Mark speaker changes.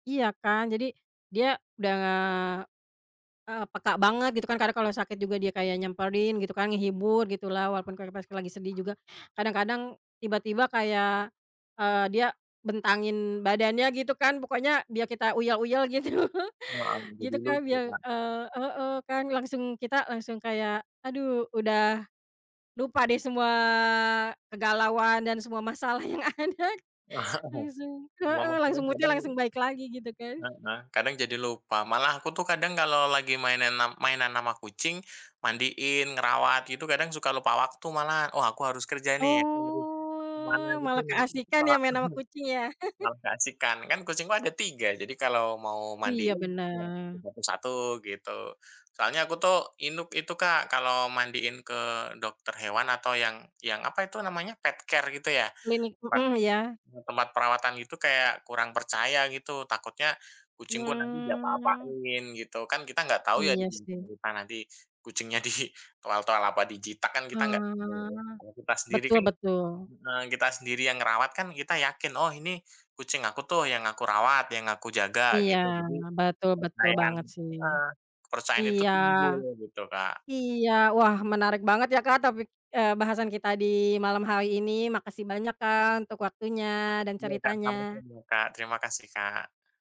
Speaker 1: Iya kan, jadi dia udah, eee, peka banget gitu kan, kadang kalau sakit juga dia kayak nyamperin gitu kan, ngehibur gitulah, walaupun kayak pas lagi sedih juga, kadang-kadang tiba-tiba kayak, eee, dia bentangin badannya gitu kan, pokoknya biar kita uyel-uyel gitu,
Speaker 2: Heeh, minta
Speaker 1: gitu
Speaker 2: dielus
Speaker 1: kan.
Speaker 2: itu
Speaker 1: Biar,
Speaker 2: Kak.
Speaker 1: eee heeh, kan langsung kita langsung kayak, aduh udah lupa deh semua kegalauan dan semua masalah yang ada,
Speaker 2: Heeh,
Speaker 1: langsung
Speaker 2: cuma
Speaker 1: heeh langsung
Speaker 2: masalahnya
Speaker 1: mood-nya
Speaker 2: kadang
Speaker 1: langsung baik lagi gitu kan.
Speaker 2: heeh kadang jadi lupa, malah aku tuh kadang kalau lagi mainan am mainan ama kucing, mandiin, ngerawat gitu kadang suka lupa waktu malah, oh aku harus kerja nih, aku harus ke mana
Speaker 1: Oh
Speaker 2: gitu
Speaker 1: malah
Speaker 2: nih, heeh,
Speaker 1: keasyikan ya,
Speaker 2: malah
Speaker 1: main sama kucing ya?
Speaker 2: malah keasikkan. Kan kucingku ada 3, jadi kalau mau
Speaker 1: Iya
Speaker 2: mandiin, ya satu
Speaker 1: benar.
Speaker 2: satu satu gitu, soalnya aku tuh inuk itu Kak, kalau mandiin ke dokter hewan atau yang yang apa itu namanya, pet care gitu ya?
Speaker 1: Klinik,
Speaker 2: Tempat
Speaker 1: mhm, iya.
Speaker 2: mmm, tempat perawatan gitu kayak kurang percaya gitu, takutnya kucingku nanti
Speaker 1: Hmm.
Speaker 2: diapa-apain gitu. Kan kita nggak tahu ya di
Speaker 1: Iya
Speaker 2: belakang
Speaker 1: sih.
Speaker 2: kita nanti kucingnya di toel-toel, apa dijitak, kan kita nggak tahu ya,
Speaker 1: Ah,
Speaker 2: kalau kita sendiri
Speaker 1: betul
Speaker 2: kan
Speaker 1: betul.
Speaker 2: heeh kita sendiri yang ngerawat kan kita yakin, oh ini kucing aku tuh yang aku rawat, yang aku jaga
Speaker 1: Iya,
Speaker 2: gitu, jadi
Speaker 1: betul, betul
Speaker 2: kepercayaan
Speaker 1: banget sih.
Speaker 2: heeh, kepercayaan itu
Speaker 1: Iya,
Speaker 2: tumbuh gitu Kak.
Speaker 1: iya, wah menarik banget ya Kak topik eee, bahasan kita di malam hari ini, makasih banyak Kak untuk waktunya dan
Speaker 2: Iya Kak,
Speaker 1: ceritanya.
Speaker 2: sama-sama Kak, terima kasih Kak.